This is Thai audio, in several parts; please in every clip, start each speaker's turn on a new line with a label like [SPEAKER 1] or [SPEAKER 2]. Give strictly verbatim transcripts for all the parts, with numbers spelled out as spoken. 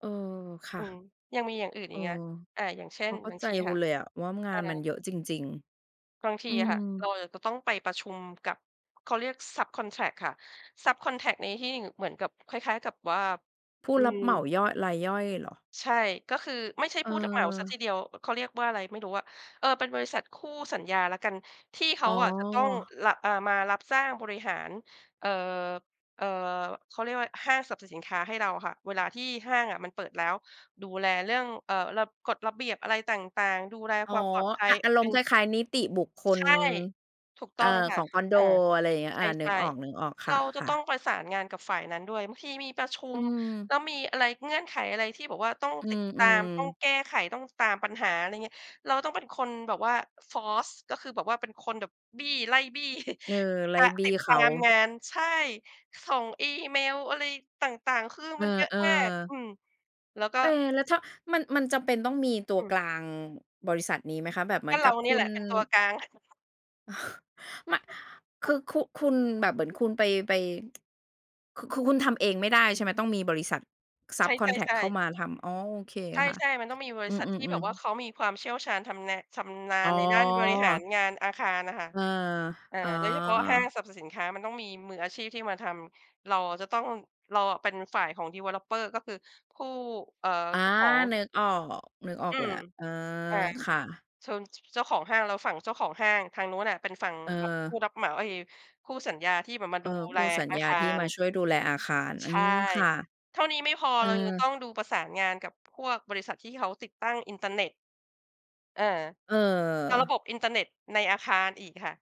[SPEAKER 1] เออ ค่
[SPEAKER 2] อ
[SPEAKER 1] ะ
[SPEAKER 2] ืม ยังมีอย่างอื่น
[SPEAKER 1] เอ
[SPEAKER 2] อี
[SPEAKER 1] อ
[SPEAKER 2] กเงี้ย อะ อย่างเช่
[SPEAKER 1] พ
[SPEAKER 2] น
[SPEAKER 1] อเข้
[SPEAKER 2] บ
[SPEAKER 1] า
[SPEAKER 2] าง
[SPEAKER 1] ใจ
[SPEAKER 2] ที
[SPEAKER 1] ค
[SPEAKER 2] ค
[SPEAKER 1] ุ
[SPEAKER 2] ่
[SPEAKER 1] ณ
[SPEAKER 2] ะ
[SPEAKER 1] เลยอะว่างา
[SPEAKER 2] อะ
[SPEAKER 1] นมันเยอะจริง
[SPEAKER 2] บางท
[SPEAKER 1] ๆ
[SPEAKER 2] ี
[SPEAKER 1] อื
[SPEAKER 2] อะค
[SPEAKER 1] ม
[SPEAKER 2] ่ะ เราอะจะต้องไปประชุมกับ เขาเรียกซับคอนแทรกค่ะ ซับคอนแทรกในทิ่ง เหมือนกับ คล้าย ๆ กับว่า
[SPEAKER 1] ผู้
[SPEAKER 2] อื
[SPEAKER 1] รับเหม
[SPEAKER 2] ม
[SPEAKER 1] าย่อย รายย่อยเหรอ?
[SPEAKER 2] ใช่ ก็คือ ไม่ใช่ผู้รับเหมาสัก
[SPEAKER 1] เออ
[SPEAKER 2] ทีเดียว อ เขาเรียกว่าอะไรไม่รู้อะ เออ เป็นบริษัทคู่สัญญาแล้วกัน ที่เข
[SPEAKER 1] อ๋
[SPEAKER 2] า
[SPEAKER 1] อ
[SPEAKER 2] อะจะต้อง ร อ่า มารับสร้างบริหาร เอ่อ เอ่อ เขาเรียกว่าอะไร ห้างสรรพสินค้าให้เราค่ะ เวลาที่ห้างอะมันเปิดแล้ว ดูแลเรื่อง เอ่อ ระ กฎระเบียบอะไรต่าง ๆ ดูแล
[SPEAKER 1] อ๋อ
[SPEAKER 2] ความปลอดภั
[SPEAKER 1] อ
[SPEAKER 2] ย
[SPEAKER 1] ะ อาร
[SPEAKER 2] เป
[SPEAKER 1] มณ
[SPEAKER 2] ็
[SPEAKER 1] ์
[SPEAKER 2] น
[SPEAKER 1] คล้าย ๆ นิติบุคค
[SPEAKER 2] ใช
[SPEAKER 1] ล
[SPEAKER 2] ่ ถูกต
[SPEAKER 1] เอ
[SPEAKER 2] ้
[SPEAKER 1] ่อ
[SPEAKER 2] องค
[SPEAKER 1] ข
[SPEAKER 2] ่ะ
[SPEAKER 1] องคอนโด
[SPEAKER 2] อา
[SPEAKER 1] อะไรอย่างเงี้ย
[SPEAKER 2] ใช
[SPEAKER 1] อา นึก
[SPEAKER 2] ่
[SPEAKER 1] ออก ๆ
[SPEAKER 2] ๆ
[SPEAKER 1] ค
[SPEAKER 2] เราจะ
[SPEAKER 1] ่ะ
[SPEAKER 2] ต้อง
[SPEAKER 1] ๆ
[SPEAKER 2] ประสานงานกับฝ่ายนั้นด้วย บางทีมีประชุ
[SPEAKER 1] อื
[SPEAKER 2] ม
[SPEAKER 1] ม
[SPEAKER 2] แล้วมีอะไร เงื่อนไขอะไรที่แบบว่าต้อง
[SPEAKER 1] อื
[SPEAKER 2] ติดตาม ต้อง
[SPEAKER 1] ม ๆ
[SPEAKER 2] แก้ไข ต้องตามปัญหา อะไรเงี้ย เราต้องเป็นคนแบบว่า force ก็คือแบบว่าเป็นคนแบบบี้ ไล่บี้
[SPEAKER 1] เออ ไล
[SPEAKER 2] ต
[SPEAKER 1] ่
[SPEAKER 2] าม
[SPEAKER 1] บ
[SPEAKER 2] ต
[SPEAKER 1] ี
[SPEAKER 2] ิ
[SPEAKER 1] ้
[SPEAKER 2] ด
[SPEAKER 1] เ
[SPEAKER 2] ต
[SPEAKER 1] ข
[SPEAKER 2] า
[SPEAKER 1] า
[SPEAKER 2] มงาน ใช่ ส่งอีเมลอะไรต่าง ๆ คือ
[SPEAKER 1] เอ
[SPEAKER 2] มันเยอะ
[SPEAKER 1] อ
[SPEAKER 2] มาก อ
[SPEAKER 1] ๆ
[SPEAKER 2] ืม แล้วก็
[SPEAKER 1] เอ แล้วถ้ามัน มันจำเป็นต้องมีตัว
[SPEAKER 2] อื
[SPEAKER 1] ก
[SPEAKER 2] ม
[SPEAKER 1] ลาง ง บริษัทนี้ไหมคะ? แบบเหม
[SPEAKER 2] ก
[SPEAKER 1] ื
[SPEAKER 2] ็
[SPEAKER 1] อน
[SPEAKER 2] เ
[SPEAKER 1] ก
[SPEAKER 2] ร
[SPEAKER 1] ั
[SPEAKER 2] า
[SPEAKER 1] บ
[SPEAKER 2] น
[SPEAKER 1] ค
[SPEAKER 2] ี
[SPEAKER 1] ุ
[SPEAKER 2] ่แหล
[SPEAKER 1] ณ
[SPEAKER 2] ะเป็นตัวกลาง
[SPEAKER 1] ม คือคุ คุณแบบเหมือนคุณไป ไป คือคุ คุณทำเองไม่ได้ ใช่ไหม ต้องมีบริษัทซ
[SPEAKER 2] ใ
[SPEAKER 1] ั
[SPEAKER 2] ช
[SPEAKER 1] บคอนแทรกเ
[SPEAKER 2] ่
[SPEAKER 1] ข้า
[SPEAKER 2] ๆ ๆ
[SPEAKER 1] มาทำ? อ๋อ โอเค
[SPEAKER 2] ใช
[SPEAKER 1] ค่ะ
[SPEAKER 2] ่ ๆ มันต้องมีบร
[SPEAKER 1] อ
[SPEAKER 2] ิ
[SPEAKER 1] ื
[SPEAKER 2] ษัทที่แบ
[SPEAKER 1] ม
[SPEAKER 2] บว่า
[SPEAKER 1] ๆ ๆ
[SPEAKER 2] เขามีความเชี่ยวชาญทำนะ ชำนา
[SPEAKER 1] อ๋
[SPEAKER 2] ญในด้านบริหาร
[SPEAKER 1] อ
[SPEAKER 2] งานอาคารอะค่ะ
[SPEAKER 1] เออ
[SPEAKER 2] อ่า
[SPEAKER 1] อ๋อ
[SPEAKER 2] โดยเฉพาะห้างสรรพสินค้า มันต้องมีมืออาชีพที่มาทำ เราอะจะต้อง เราอะเป็นฝ่ายของ Developer ก็คือผู้ เอ่อ
[SPEAKER 1] อา
[SPEAKER 2] เจ้าของ
[SPEAKER 1] นึกออก นึกออ
[SPEAKER 2] อื
[SPEAKER 1] กแล้
[SPEAKER 2] ม
[SPEAKER 1] ว เออ
[SPEAKER 2] อา
[SPEAKER 1] ค่ะ
[SPEAKER 2] เชิง ช ช เจ้าของห้าง เราฝั่งเจ้าของห้าง ทางนู้นอะเป็นฝั่ง
[SPEAKER 1] เ
[SPEAKER 2] แบบผู
[SPEAKER 1] ออ
[SPEAKER 2] ้รับเหมา เอ๊ย คู่สัญญาที่แบบมา
[SPEAKER 1] เอ
[SPEAKER 2] ด
[SPEAKER 1] อ
[SPEAKER 2] ู
[SPEAKER 1] ค
[SPEAKER 2] แล
[SPEAKER 1] ู่สัญ
[SPEAKER 2] อา
[SPEAKER 1] ญ
[SPEAKER 2] ค
[SPEAKER 1] า
[SPEAKER 2] า
[SPEAKER 1] ที่
[SPEAKER 2] ร
[SPEAKER 1] มาช่วยดูแลอาคาร
[SPEAKER 2] ใ
[SPEAKER 1] อ
[SPEAKER 2] ช
[SPEAKER 1] ื
[SPEAKER 2] ่
[SPEAKER 1] ม ค่ะ
[SPEAKER 2] เท่านี้ไม่พอ
[SPEAKER 1] เออ
[SPEAKER 2] เรายังต้องดูประสานงานกับพวกบริษัทที่เขาติดตั้งอินเทอร์เน็ต เออ
[SPEAKER 1] เ
[SPEAKER 2] เอาระ
[SPEAKER 1] ออ
[SPEAKER 2] บบอินเทอร์เน็ตในอาคารอีกค่ะ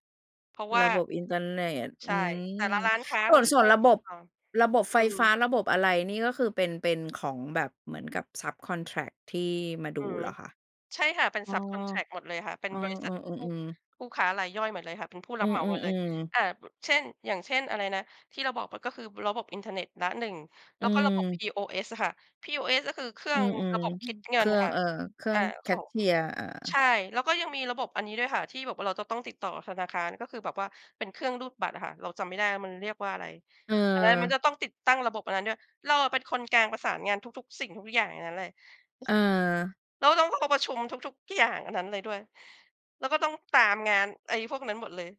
[SPEAKER 2] เพราะว่
[SPEAKER 1] ร
[SPEAKER 2] า
[SPEAKER 1] ะบบอินเทอร์เน็ต
[SPEAKER 2] ใช
[SPEAKER 1] อื
[SPEAKER 2] ่
[SPEAKER 1] ม
[SPEAKER 2] แต่ละร้านค้า
[SPEAKER 1] ส
[SPEAKER 2] เข
[SPEAKER 1] ่
[SPEAKER 2] า
[SPEAKER 1] วน
[SPEAKER 2] จะ
[SPEAKER 1] ส่
[SPEAKER 2] ต
[SPEAKER 1] ว
[SPEAKER 2] ้อ
[SPEAKER 1] น
[SPEAKER 2] ง
[SPEAKER 1] ระ
[SPEAKER 2] ติ
[SPEAKER 1] บ
[SPEAKER 2] ด
[SPEAKER 1] บ
[SPEAKER 2] ต่อ
[SPEAKER 1] ระบบไ
[SPEAKER 2] อ
[SPEAKER 1] ฟ
[SPEAKER 2] ื
[SPEAKER 1] ฟ้า
[SPEAKER 2] ม
[SPEAKER 1] ระบบอะไรนี่ก็คือเป็น เป็นของแบบเหมือนกับซับคอนแทรกที่มาด
[SPEAKER 2] อ
[SPEAKER 1] ู
[SPEAKER 2] ืม
[SPEAKER 1] เหรอคะ?
[SPEAKER 2] ใช่ค่ะ เป็น
[SPEAKER 1] อ้อ
[SPEAKER 2] ซับคอนแทรกหมดเลยค่ะ เป็น
[SPEAKER 1] อ้อ
[SPEAKER 2] บริษัท
[SPEAKER 1] อ
[SPEAKER 2] ผู้
[SPEAKER 1] ืม ๆ ๆ
[SPEAKER 2] ผู้ค้ารายย่อยหมดเลยค่ะ เป็นผู้ร
[SPEAKER 1] อื
[SPEAKER 2] ับเหมาหมดเลย
[SPEAKER 1] อ ๆ ๆ
[SPEAKER 2] อ่า อ เช่น อย่างเช่นอะไรนะ ที่เราบอกไป ก็คือระบบอินเทอร์เน็ตละหนึ่ง แ
[SPEAKER 1] อ
[SPEAKER 2] ล้
[SPEAKER 1] ื
[SPEAKER 2] วก็ระบบ
[SPEAKER 1] อ
[SPEAKER 2] POS อะค่ะ POS ก็คือเครื่
[SPEAKER 1] อ
[SPEAKER 2] อ
[SPEAKER 1] ื
[SPEAKER 2] งร
[SPEAKER 1] ม
[SPEAKER 2] ะบบค
[SPEAKER 1] ๆ
[SPEAKER 2] ิดเ
[SPEAKER 1] ๆ
[SPEAKER 2] ง
[SPEAKER 1] เค
[SPEAKER 2] ิ
[SPEAKER 1] ร
[SPEAKER 2] น
[SPEAKER 1] ื่อง
[SPEAKER 2] ค่ะ
[SPEAKER 1] เอ่อ เครื่
[SPEAKER 2] อ
[SPEAKER 1] อ
[SPEAKER 2] า
[SPEAKER 1] งแค
[SPEAKER 2] ขอ
[SPEAKER 1] ช
[SPEAKER 2] ง
[SPEAKER 1] เช
[SPEAKER 2] ข
[SPEAKER 1] ียร์ เออ
[SPEAKER 2] ใช่ แล้วก็ยังมีระบบอันนี้ด้วยค่ะที่แบบเราจะต้องติดต่อธนาคาร ก็คือแบบว่าเป็นเครื่องรูดบัตรอะค่ะ เราจำไม่ได้ว่ามันเรียกว่าอะไร
[SPEAKER 1] เ
[SPEAKER 2] อันนั้นมัน
[SPEAKER 1] ออ
[SPEAKER 2] จะต้องติดตั้งระบบอันนั้นด้วย เราอะเป็นคนกลางประสานงานทุก ๆ สิ่งทุกอย่างในนั้นแหละ
[SPEAKER 1] เออ
[SPEAKER 2] แล้วต้อง เรา เราประชุมทุก ๆ อย่างอันนั้นเลยด้วย แล้วก็ต้องตามงาน ไอ้พวกนั้นหมดเลย